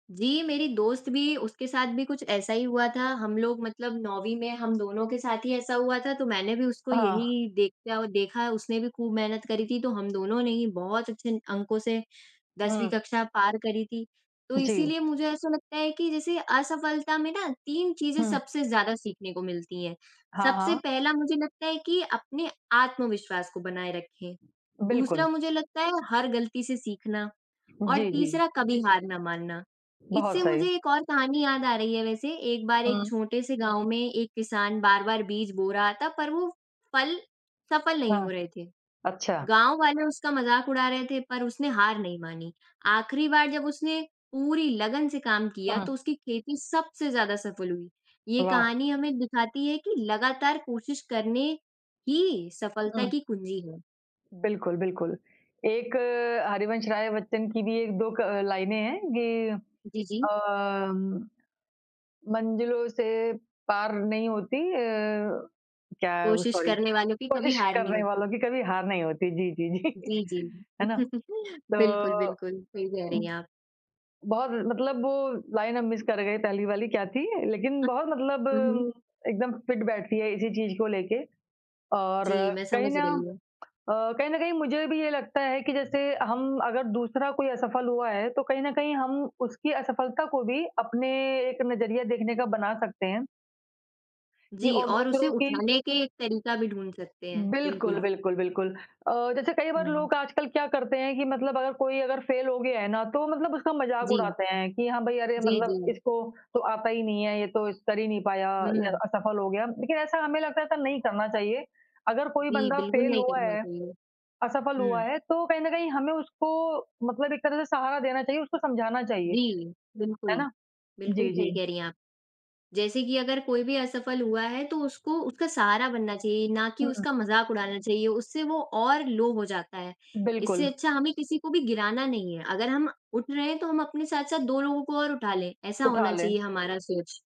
जी, मेरी दोस्त भी उसके साथ भी कुछ ऐसा ही हुआ था, हम लोग मतलब 9वीं में हम दोनों के साथ ही ऐसा हुआ था, तो मैंने भी उसको अ, हाँ। यही देखा औ देखा उसने भी खूब मेहनत करी थी, तो हम दोनों ने ही बहुत अच्छे अंकों से 10वीं हुँ। कक्षा पार करी थी। तो जी। इसीलिए मुझे ऐसा लगता है कि जैसे असफलता में ना 3 चीज़ें हुँ। सबसे ज़्यादा सीखने को मिलती हैं। हाँ, सबसे हाँ। पहला मुझे लगता है कि अपने आत्मविश्वास को बनाए रखें, बिल्कुल। दूसरा मुझे लगता है हर गलती से सीखना और जी, जी। तीसरा कभी हार ना मानना। इससे बहुत सही। मुझे एक और कहानी याद आ रही है वैसे, एक बार एक हुँ। छोटे से गाँव में एक किसान बार-बार बीज बो रहा था पर वो फल सफल नहीं हाँ। हो रहे थे। अच्छा। गाँव वाले उसका मज़ाक उड़ा रहे थे, पर उसने हार नहीं मानी, आखिरी बार जब उसने पूरी लगन से काम किया तो हाँ। उसकी खेती सबसे ज़्यादा सफल हुई। ये वाह! कहानी हमें दिखाती है कि लगातार कोशिश करने ही सफलता हुँ। की कुंजी है। बिल्कुल, बिल्कुल। एक हरिवंश राय बच्चन की भी 1-2 क लाइनें हैं कि जी, जी। अ, मंज़िलों से पार नहीं होती अ, क्या है वो कोशिश सॉरी। करने वालों की कभी कोशिश हार नहीं करने वालों होती। की कभी हार नहीं होती। जी, जी, जी। जी, जी। है ना? तो बिल्कुल, बिल्कुल सही कह रही हुँ। हैं आप। बहुत जी। मतलब वो लाइन हम मिस कर गए, पहली वाली क्या थी? लेकिन हुँ, बहुत मतलब हुँ। एकदम फिट बैठती है इसी चीज़ को लेके और जी, मैं कहीं समझ ना रही हूँ। अ, कहीं न कहीं मुझे भी ये लगता है कि जैसे हम अगर दूसरा कोई असफल हुआ है तो कहीं न कहीं हम उसकी असफलता को भी अपने एक नज़रिया देखने का बना सकते हैं। कि जी और और उसे दूसरों की उठाने के एक तरीका भी ढूँढ़ सकते हैं। बिल्कुल, बिल्कुल। बिल्कुल, बिल्कुल। अ, जैसे कई बार हुँ। लोग आजकल क्या करते हैं कि मतलब अगर कोई अगर फेल हो गया है ना, तो मतलब उसका मज़ाक जी। उड़ाते हैं कि हाँ, भाई अरे जी, मतलब जी। इसको तो आता ही नहीं है, ये तो इस कर ही नहीं पाया या हुँ। असफल हो गया। लेकिन ऐसा हमें लगता है कि नहीं करना चाहिए, अगर कोई जी, बंदा बिल्कुल फेल नहीं हुआ करना है, चाहिए। असफल हुआ हुँ। है तो कहीं न कहीं हमें उसको मतलब एक तरह से सहारा देना चाहिए, उसको समझाना चाहिए। जी, है बिल्कुल, ना? बिल्कुल जी, सही जी। कह रही हैं आप। जैसे कि अगर कोई भी असफल हुआ है, तो उसको उसका सहारा बनना चाहिए ना कि हुँ। उसका मज़ाक उड़ाना चाहिए। उससे वो और लो हो जाता है, इससे बिल्कुल। अच्छा हमें किसी को भी गिराना नहीं है, अगर हम उठ रहे हैं तो हम अपने साथ-साथ 2 लोगों को और उठा लें, ऐसा उठा होना ले। चाहिए हमारा सोच।